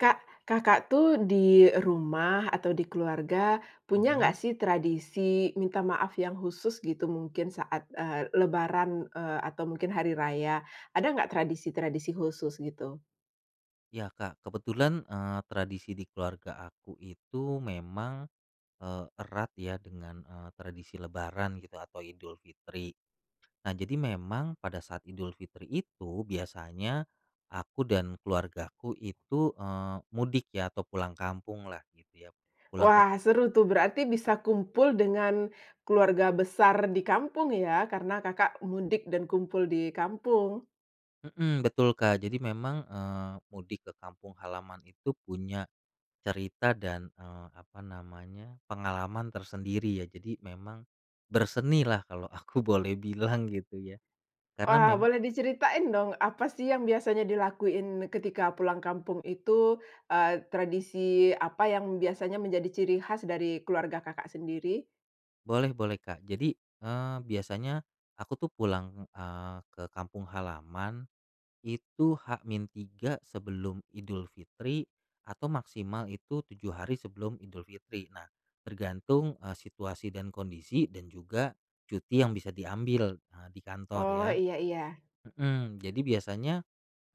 Kak, Kakak tuh di rumah atau di keluarga punya nggak Mhm. sih tradisi minta maaf yang khusus gitu mungkin saat, eee, lebaran, eee, atau mungkin hari raya. Ada nggak tradisi-tradisi khusus gitu? Ya Kak, kebetulan, eee, tradisi di keluarga aku itu memang, eee, erat ya dengan, eee, tradisi lebaran gitu atau Idul Fitri. Nah, jadi memang pada saat Idul Fitri itu biasanya aku dan keluargaku itu, eee, mudik ya atau pulang kampunglah gitu ya, pulang ke Wah, seru tuh, berarti bisa kumpul dengan keluarga besar di kampung ya, karena Kakak mudik dan kumpul di kampung. Mmm, betul Kak. Jadi memang, eee, mudik ke kampung halaman itu punya cerita dan, eee, apa namanya pengalaman tersendiri ya, jadi memang bersenilah kalo aku boleh bilang gitu ya. Karena Wah, mem boleh diceritain dong apa sih yang biasanya dilakuin ketika pulang kampung itu? Eee, tradisi apa yang biasanya menjadi ciri khas dari keluarga Kakak sendiri? Boleh, boleh Kak. Jadi, eee, biasanya aku tuh pulang, eee, ke kampung halaman itu H-3 sebelum Idul Fitri atau maksimal itu 7 hari sebelum Idul Fitri. Nah, tergantung, eee, situasi dan kondisi dan juga cuti yang bisa diambil, eee, di kantor Oh ya. iya iya. Mhm, jadi biasanya,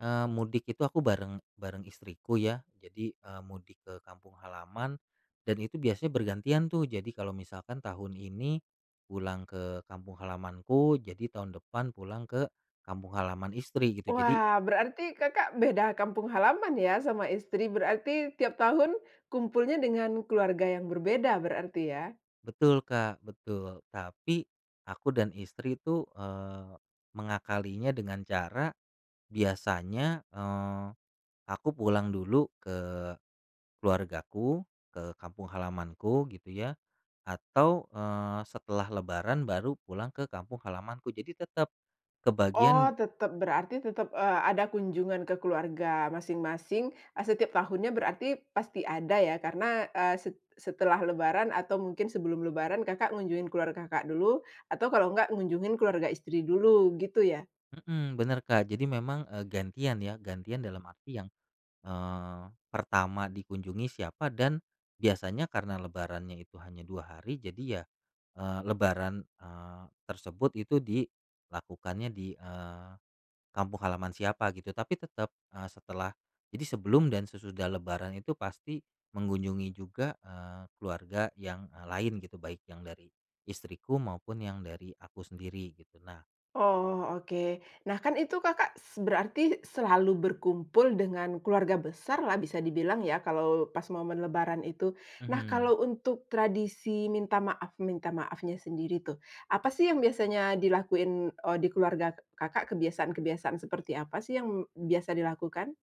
eee, mudik itu aku bareng bareng istriku ya, jadi, eee mudik ke kampung halaman dan itu biasanya bergantian tuh, jadi kalo misalkan tahun ini pulang ke kampung halamanku, jadi tahun depan pulang ke kampung halaman istri, gitu. Jadi Wah berarti Kakak beda kampung halaman ya sama istri? Berarti tiap tahun kumpulnya dengan keluarga yang berbeda berarti ya? Betul Kak, betul. Tapi, aku dan istri tuh, eee, mengakalinya dengan cara biasanya, eee, aku pulang dulu ke keluargaku, ke kampung halamanku gitu ya, atau, eee, setelah lebaran baru pulang ke kampung halamanku. Jadi tetep, Oh, kebagian tetep. Berarti tetap, eee, ada kunjungan ke keluarga masing-masing, eee, setiap tahunnya berarti pasti ada ya, karena, eee, set setelah lebaran atau mungkin sebelum lebaran Kakak ngunjungin keluarga Kakak dulu, atau kalau nggak ngunjungin keluarga istri dulu gitu ya? Mhm, bener Kak. Jadi memang, eee, gantian ya, gantian dalam arti yang, eee, pertama dikunjungi siapa dan biasanya karena lebarannya itu hanya 2 hari, jadi ya, eee, lebaran, eee, tersebut gitu dilakukannya di, eee, kampung halaman siapa gitu. Tapi tetep, eee, setelah jadi sebelum dan sesudah lebaran itu pasti mengunjungi juga, eee, keluarga yang, eee, lain gitu, baik yang dari istriku maupun yang dari aku sendiri gitu. Nah Oh, oke. Nah kan, itu Kakak s berarti selalu berkumpul dengan keluarga besarlah bisa dibilang ya kalau pas momen lebaran itu. Nah Mhm. kalau untuk tradisi minta maaf minta maafnya sendiri tuh, apa sih yang biasanya dilakuin o di keluarga Kakak, kebiasaan-kebiasaan seperti apa sih yang biasa dilakukan?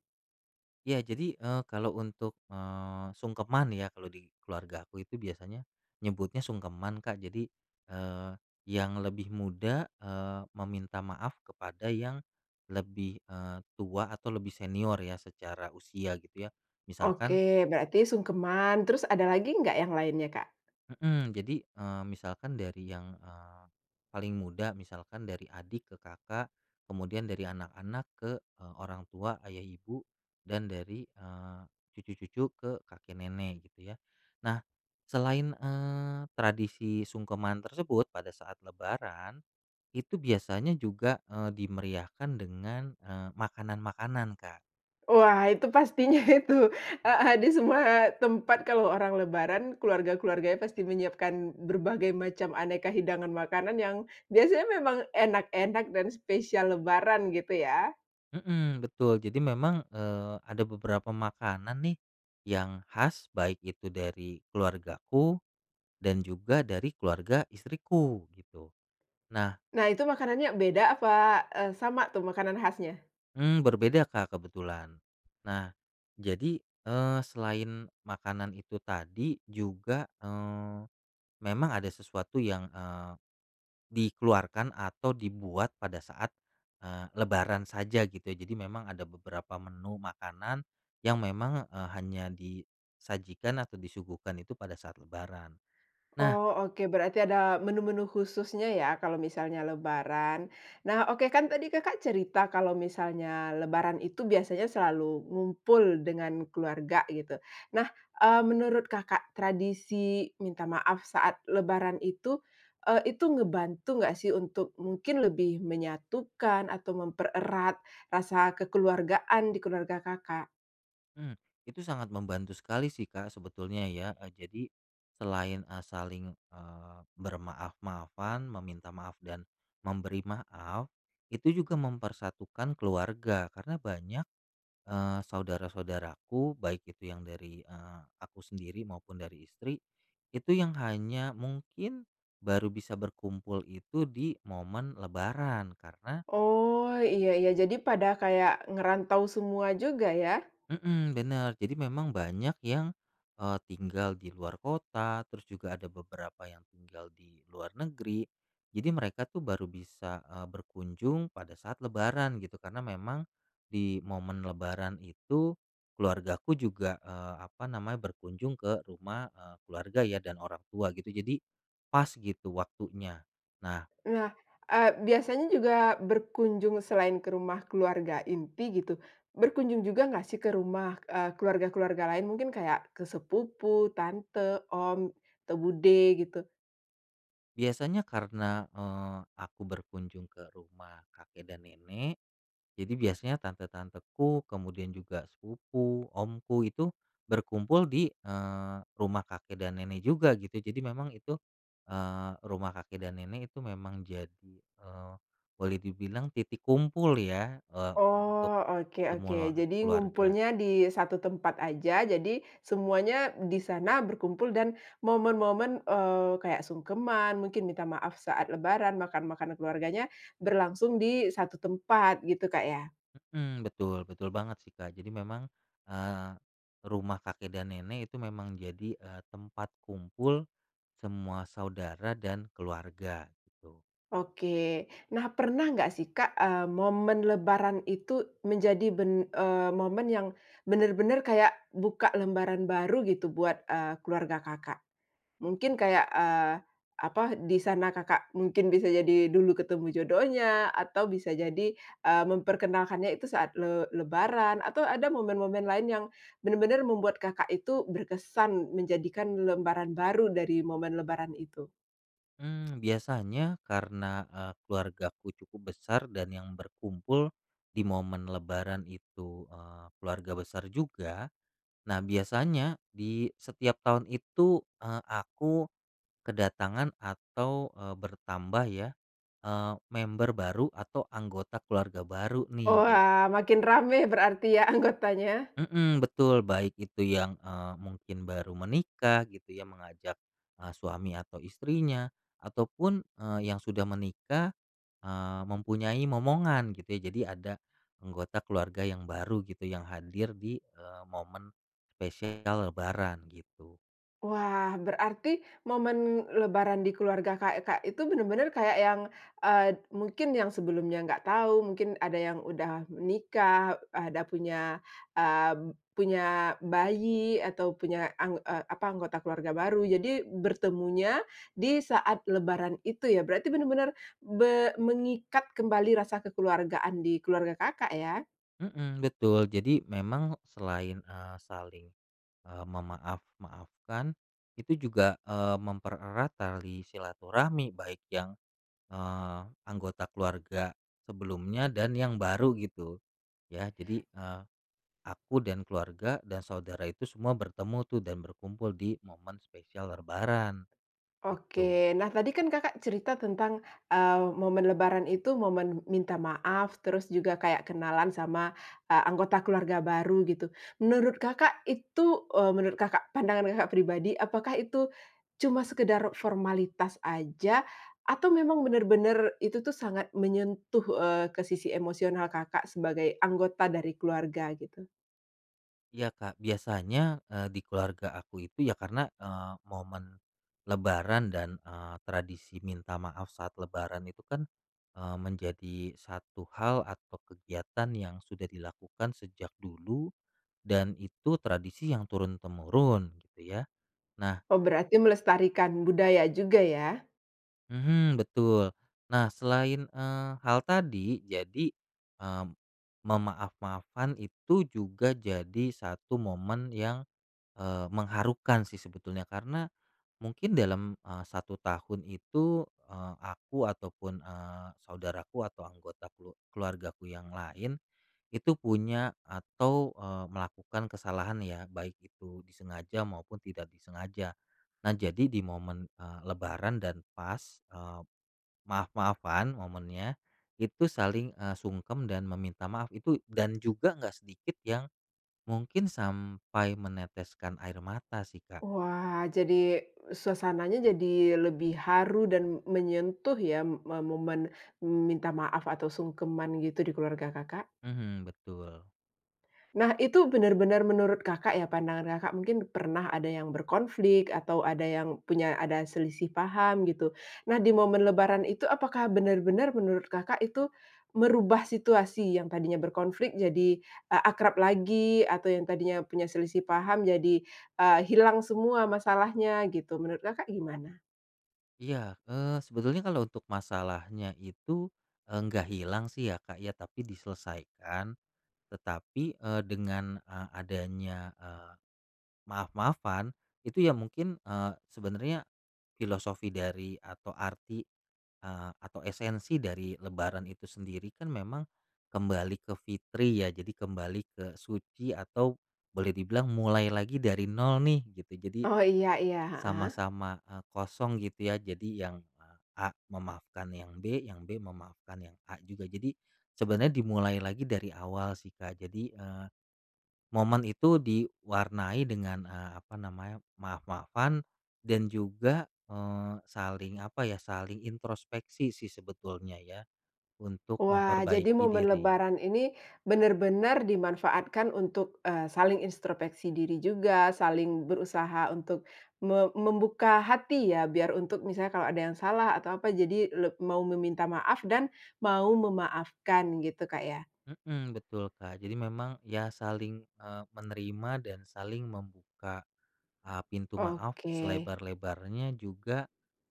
Iya, jadi, eee, kalau untuk, eee, sungkeman ya kalau di keluarga aku itu biasanya, nyebutnya sungkeman Kak, jadi, eee, yang lebih muda, eee, meminta maaf kepada yang lebih, eee, tua atau lebih senior ya secara usia gitu ya. Oke, Misalkan berarti sungkeman, terus ada lagi nggak yang lainnya Kak? Mhm, jadi, eee, misalkan dari yang, eee, paling muda, misalkan dari adik ke kakak, kemudian dari anak-anak ke, eee, orang tua- ayah ibu- dan dari, eee, cucu-cucu ke kakek nenek, gitu ya. Nah, selain, eee, tradisi sungkeman tersebut pada saat lebaran itu biasanya juga, eee, dimeriahkan dengan, eee, makanan-makanan Kak. Wah itu pastinya itu heeh, di semua tempat kalau orang lebaran, keluarga-keluarganya pasti menyiapkan berbagai macam aneka hidangan makanan yang biasanya memang enak-enak dan spesial lebaran gitu ya. Mmm, betul, jadi memang, eee, ada beberapa makanan nih yang khas, baik itu dari keluargaku dan juga dari keluarga istriku gitu. Nah Nah itu makanannya beda apa, eee, sama tuh makanan khasnya? Mmm, berbeda Kak kebetulan. Nah jadi, eee, selain makanan itu tadi juga, eee, memang ada sesuatu yang, eee, dikeluarkan atau dibuat pada saat, eee, lebaran saja gitu, jadi memang ada beberapa menu makanan yang memang, eee, hanya disajikan atau disuguhkan itu pada saat lebaran. Nah Oh oke, berarti ada menu-menu khususnya ya kalau misalnya lebaran. Nah, oke kan tadi Kakak cerita kalau misalnya lebaran itu biasanya selalu ngumpul dengan keluarga gitu. Nah, eee, menurut Kakak tradisi minta maaf saat lebaran itu, eee, itu ngebantu nggak sih untuk mungkin lebih menyatukan atau mempererat rasa kekeluargaan di keluarga Kakak? Mmm, itu sangat membantu sekali sih, Kak, sebetulnya, ya. Eee, jadi selain, eee, saling, eee, bermaaf-maafan, meminta maaf dan memberi maaf, itu juga mempersatukan keluarga, karena banyak, eee, saudara-saudaraku baik itu yang dari, eee, aku sendiri maupun dari istri, itu yang hanya mungkin baru bisa berkumpul itu di momen lebaran. Karena Oh, iya iya, jadi pada kayak ngerantau semua juga ya. Mmm, bener, jadi, memang banyak yang, eee, tinggal di luar kota, terus juga ada beberapa yang tinggal di luar negeri, jadi mereka tuh baru bisa, eee, berkunjung pada saat Lebaran gitu karena memang di momen lebaran itu keluargaku juga, eee, apa namanya, berkunjung ke rumah, eee, keluarga ya dan orang tua, gitu. Jadi pas, gitu waktunya. Nah Nah, eee, biasanya juga berkunjung selain ke rumah keluarga inti gitu, berkunjung juga nggak sih ke rumah, eee, keluarga-keluarga lain mungkin kayak ke sepupu, tante, om, atau bude, gitu? Biasanya karena, eee, aku berkunjung ke rumah kakek dan nenek, jadi biasanya tante-tanteku, kemudian juga sepupu, omku, itu berkumpul di, eee, rumah kakek dan nenek juga, gitu. Jadi memang itu, eee, rumah kakek dan nenek itu memang jadi, eee, boleh dibilang titik kumpul, ya, eee, untuk Oh, oke oke. semula Jadi keluarga. ngumpulnya di satu tempat aja, jadi semuanya di sana berkumpul dan momen-momen, eee, kayak sungkeman, mungkin minta maaf saat lebaran, makan-makan keluarganya, berlangsung di satu tempat, gitu, Kak, ya. Mhm, betul betul banget, sih, Kak. Jadi memang, eee, rumah kakek dan nenek itu memang jadi, eee, tempat kumpul semua saudara dan keluarga, gitu. Oke. Nah, pernah nggak, sih, Kak, eee, momen lebaran itu menjadi ben eee, momen yang benar-benar kayak buka lembaran baru, gitu, buat, eee, keluarga Kakak? Mungkin kayak, eee, apa, di sana Kakak mungkin bisa jadi dulu ketemu jodohnya, atau bisa jadi, eee, memperkenalkannya itu saat le lebaran, atau ada momen-momen lain yang benar-benar membuat Kakak itu berkesan menjadikan lembaran baru dari momen lebaran itu? Mmm, biasanya karena, eee, keluargaku cukup besar dan yang berkumpul di momen lebaran itu, eee, keluarga besar juga. Nah, biasanya di setiap tahun itu, eee, aku kedatangan atau, eee, bertambah, ya, eee, member baru atau anggota keluarga baru, nih. Oh, Jad wah, makin rame berarti, ya, anggotanya. Mhm, betul, baik itu yang, eee, mungkin baru menikah, gitu, ya, mengajak, eee, suami atau istrinya, ataupun, eee, yang sudah menikah, eee, mempunyai momongan, gitu, ya, jadi ada anggota keluarga yang baru, gitu, yang hadir di, eee, momen spesial lebaran, gitu. Wah, berarti momen lebaran di keluarga Kakak itu benar-benar kayak yang, eee, mungkin yang sebelumnya nggak tahu, mungkin ada yang udah menikah, ada punya, eee, punya bayi, atau punya ang eee, apa anggota keluarga baru. Jadi, bertemunya di saat lebaran itu ya? Berarti benar-benar be mengikat kembali rasa kekeluargaan di keluarga Kakak, ya? Mhm, betul, jadi memang selain, eee, saling, eee, memaaf-maafkan itu juga, eee, mempererat tali silaturahmi baik yang, eee, anggota keluarga sebelumnya dan yang baru gitu, ya. Jadi, eee, aku dan keluarga dan saudara itu semua bertemu tuh dan berkumpul di momen spesial lebaran, gitu. Oke. Nah tadi kan Kakak cerita tentang, eee, momen lebaran itu momen minta maaf, terus juga kayak kenalan sama, eee, anggota keluarga baru, gitu. Menurut Kakak itu, eee- menurut Kakak, pandangan Kakak pribadi- apakah itu cuma sekadar formalitas aja atau memang benar-benar itu tuh sangat menyentuh, eee, ke sisi emosional Kakak sebagai anggota dari keluarga, gitu? Iya, Kak, biasanya, eee, di keluarga aku itu ya karena, eee, momen lebaran dan, eee, tradisi minta maaf saat lebaran itu kan, eee, menjadi satu hal atau kegiatan yang sudah dilakukan sejak dulu, dan itu tradisi yang turun-temurun gitu, ya. Nah Oh, berarti melestarikan budaya juga, ya? Mhm, betul, nah, selain, eee, hal tadi jadi, eee, memaaf-maafkan itu juga jadi satu momen yang, eee, mengharukan sih sebetulnya karena mungkin dalam, eee, 1 tahun itu, eee, aku ataupun, eee, saudaraku atau anggota kelu keluargaku yang lain itu punya atau, eee, melakukan kesalahan ya, baik itu disengaja maupun tidak disengaja. Nah, jadi di momen, eee, lebaran dan pas, eee, maaf-maafan momennya itu saling, eee, sungkem dan meminta maaf. Itu dan juga nggak sedikit yang mungkin sampai meneteskan air mata sih, Kak. Wah, jadi suasananya jadi lebih haru dan menyentuh ya me momen minta maaf atau sungkeman gitu di keluarga Kakak. Mhm, betul. Nah, itu benar-benar menurut Kakak ya pandangan Kakak, mungkin pernah ada yang berkonflik, atau ada yang punya ada selisih paham, gitu. Nah, di momen lebaran itu apakah benar-benar menurut Kakak itu merubah situasi yang tadinya berkonflik jadi, eee, akrab lagi atau yang tadinya punya selisih paham jadi, eee, hilang semua masalahnya gitu, menurut Kakak gimana? Iya, eee, sebetulnya kalo untuk masalahnya itu, eee, nggak hilang sih ya Kak ya tapi diselesaikan. Tetapi, eee, dengan, eee, adanya, eee, maaf-maafan itu ya mungkin, eee, sebenernya filosofi dari atau arti, eee, atau esensi dari lebaran itu sendiri kan memang kembali ke fitri ya, jadi kembali ke suci, atau boleh dibilang mulai lagi dari nol nih gitu, jadi Oh, iya iya, heeh. sama-sama, eee, kosong gitu, ya. Jadi yang, eee, A memaafkan yang B, yang B memaafkan yang A juga. Jadi, sebenarnya dimulai lagi dari awal sih Kak, jadi, eee, momen itu diwarnai dengan, eee, apa namanya, maaf-maafan dan juga, eee, saling apa ya, saling introspeksi sih sebetulnya ya untuk Wah, jadi memperbaiki momen diri. lebaran ini benar-benar dimanfaatkan untuk, eee, saling introspeksi diri juga, saling berusaha untuk me membuka hati, ya. Biar untuk misalnya kalau ada yang salah atau apa jadi leb mau meminta maaf dan mau memaafkan gitu Kak, ya? Mhm, betul, Kak. Jadi memang ya saling, eee, menerima dan saling membuka, eee, pintu maaf Oke. selebar-lebarnya juga,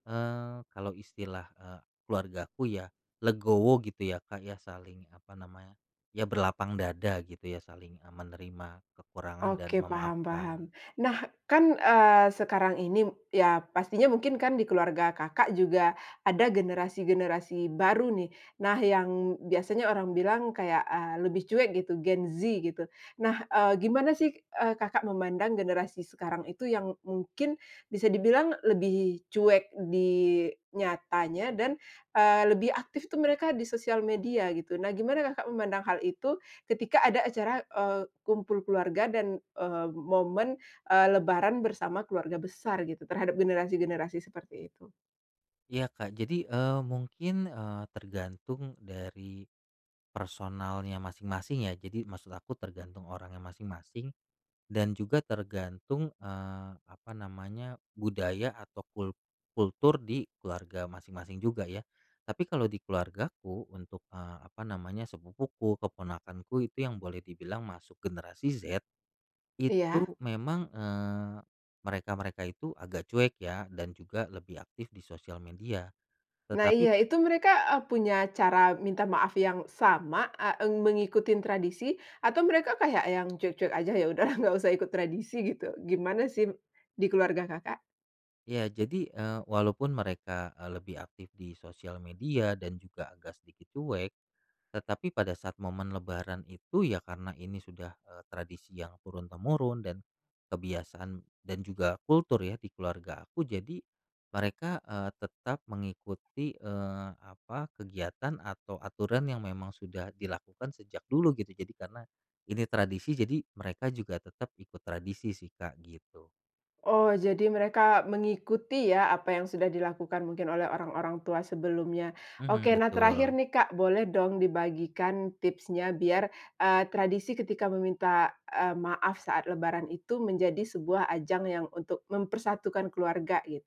eee, kalau istilah, eee, keluargaku ya legowo gitu ya Kak ya, saling apa namanya, ya berlapang dada gitu ya saling e menerima kekurangan dan Oke, paham-paham. memaafkan. Nah, kan, eee, sekarang ini ya, pastinya mungkin kan di keluarga Kakak juga ada generasi-generasi baru, nih. Nah, yang biasanya orang bilang kayak, eee, lebih cuek gitu Gen Z, gitu. Nah, eee, gimana sih, eee, Kakak memandang generasi sekarang itu yang mungkin bisa dibilang lebih cuek di nyatanya dan, eee, lebih aktif tuh mereka di sosial media, gitu. Nah, gimana Kakak memandang hal itu ketika ada acara, eee, kumpul keluarga dan, eee, momen, eee, lebaran bersama keluarga besar gitu terhadap generasi-generasi seperti itu? Iya, Kak. Jadi, eee, mungkin, eee, tergantung dari personalnya masing-masing ya. Jadi maksud aku tergantung orangnya masing-masing dan juga tergantung, eee, apa namanya, budaya atau kul kultur di keluarga masing-masing juga, ya. Tapi kalau di keluargaku untuk, eee, apa namanya, sepupuku, keponakanku itu yang boleh dibilang masuk generasi Z, itu Iya. memang, eee, mereka-mereka itu agak cuek ya dan juga lebih aktif di sosial media. Nah, Tetapi iya, p itu mereka, eee, punya cara minta maaf yang sama, eee, eng mengikuti tradisi atau mereka kayak yang cuek-cuek aja, ya udahlah nggak usah ikut tradisi, gitu. Gimana sim di keluarga Kakak? Ya, jadi, eee, walaupun mereka, eee, lebih aktif di sosial media, dan juga agak sedikit cuek, tetapi pada saat momen lebaran itu ya karena ini sudah, eee, tradisi yang turun-temurun dan kebiasaan dan juga kultur ya di keluarga aku, jadi mereka, eee, tetap mengikuti, eee, apa, kegiatan atau aturan yang memang sudah dilakukan sejak dulu gitu. Jadi karena ini tradisi jadi mereka juga tetap ikut tradisi sih Kak, gitu. Oh, jadi mereka mengikuti ya apa yang sudah dilakukan mungkin oleh orang-orang tua sebelumnya. Mhm, Oke, nah terakhir betul. nih Kak, boleh dong dibagikan tipsnya biar, eee, tradisi ketika meminta, eee, maaf saat lebaran itu menjadi sebuah ajang yang untuk mempersatukan keluarga, git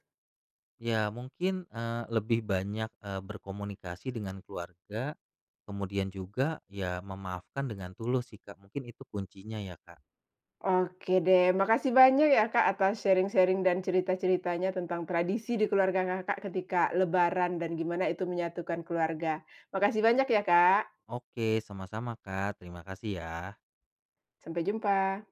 Ya, mungkin, eee, lebih banyak, eee, berkomunikasi dengan keluarga, kemudian juga ya memaafkan dengan tulus sih Kak, mungkin itu kuncinya ya, Kak. Oke, deh, makasih banyak ya Kak atas sharing-sharing dan cerita-ceritanya tentang tradisi di keluarga Kakak ketika lebaran dan gimana itu menyatukan keluarga. Makasih banyak ya, Kak. Oke, sama-sama Kak, terima kasih ya. Sampai jumpa.